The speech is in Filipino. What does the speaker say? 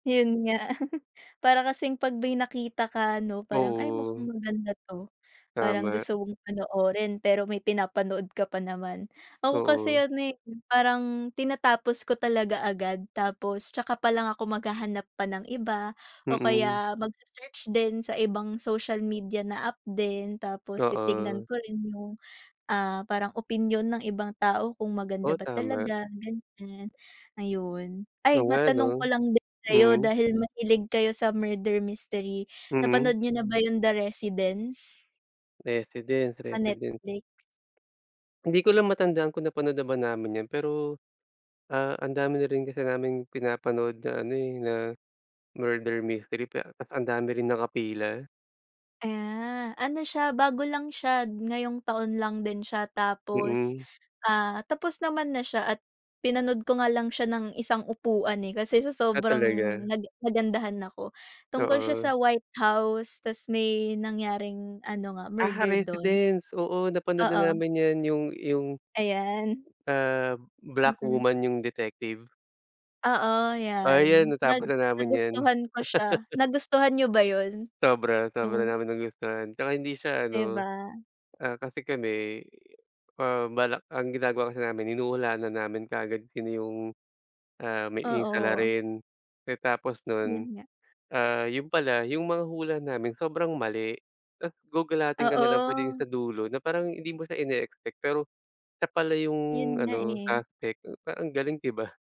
Yun nga. Para kasing pag may nakita ka ano, parang, "ay mukhang Oo. maganda ito," parang Tama. gusto mong panoorin pero may pinapanood ka pa naman. Ako kasi Oo. ano, eh, parang tinatapos ko talaga agad, tapos saka palang ako maghahanap pa ng iba, o Mm. kaya mag se-search din sa ibang social media na app din, tapos titignan Oo. ko rin yung, ah, parang opinyon ng ibang tao kung maganda Oo ba tama. talaga ganyan, ayun. Ay, Oo nga ano. matanong ko lang din sa iyo, Mm. dahil mahilig kayo sa murder mystery, Mm. napanood niyo na ba yung The Residence? Residence, Sa resident. Netflix? Hindi ko lang matandaan kung napanood na ba namin iyon. Pero, ah, ang dami na rin kasi naming pinapanood na ano, eh, na murder mystery, pe tapos ang dami rin naka pila. Ah, ano siya bago lang siya, ngayong taon lang din siya. Tapos, Mm. ah, tapos naman na siya, at pinanood ko nga lang siya ng isang upuan, eh, kasi sa Ah, sobrang talaga? naga nagandahan ako. Tungkol siya Oo. sa White House, tapos may nangyaring ano nga, Aha, murder dun. Residence. Oo. Napanood na Oo. namin yan, yung yung Ayan. ah, black Mm. woman yung detective? Oo Oo yan, yan. Nag natapos na namin yan. nagustuhan ko siya. Nagustuhan niyo ba yun? Sobra sobra Yung namin nagustuhan. At saka hindi siya 'Di ano, ba? ah, kasi kami, ah, balak ang ginagawa kasi namin hinuhulaan na namin kaagad kung sino yung, ah, may yung Oo. salarin. Eh, tapos nun, Yun nga. ah, yun pala, yung mga hula namin sobrang mali. Tapos gugalatin ka nalang pagdating Oo. sa dulo, na parang hindi mo siya ineexpect, pero siya pala Yun yung nga, ano, eh. suspect, parang ang galing, 'di ba?